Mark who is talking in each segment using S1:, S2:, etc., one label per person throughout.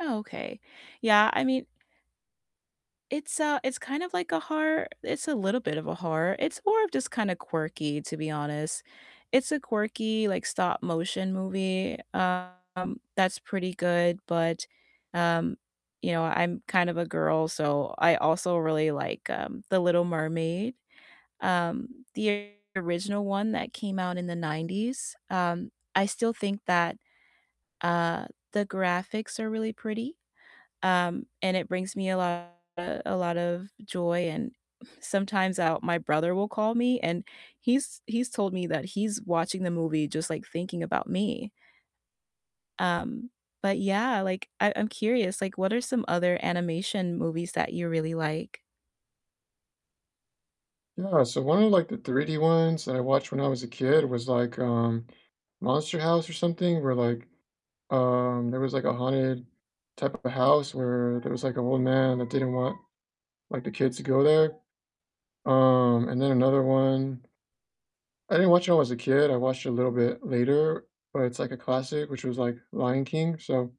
S1: Oh, okay, yeah, I mean it's, uh it's kind of like a horror it's a little bit of a horror, it's more of just kinda quirky, to be honest, it's a quirky, like, stop-motion movie, um, that's pretty good, but, um, you know, I'm kind of a girl, so I also really like, um, The Little Mermaid, um, the original one that came out in the '90s, um, I still think that, uh, the graphics are really pretty, um, and it brings me a lot a lot of joy, and sometimes, I'll my brother will call me, and he's he's told me that he's watching the movie just, like, thinking about me. Um, but yeah, like, I I'm curious, like, what are some other animation movies that you really like?
S2: Yeah, so one of, like, the 3D ones that I watched when I was a kid was, like, um, Monster House or something where, like, um, there was like a haunted type of house where there was like an old man that didn't want, like, the kids to go there, um, and then another one I didn't watch it when I was a kid, I watched it a little bit later, but it's, like, a classic, which was, like, Lion King, so,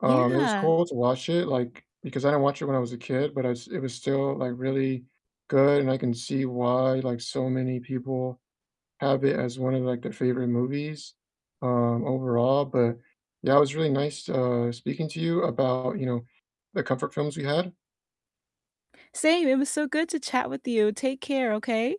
S2: um, it was
S1: Yeah.
S2: cool to watch it, like, because I didn't watch it when I was a kid, but I s it was still, like, really good and I can see why, like, so many people have it as one of, like, their favorite movies, um, overall, but yeah, it was really nice, uh, speaking to you about, you know, the comfort films we had.
S1: Same, it was so good to chat with you. Take care, okay?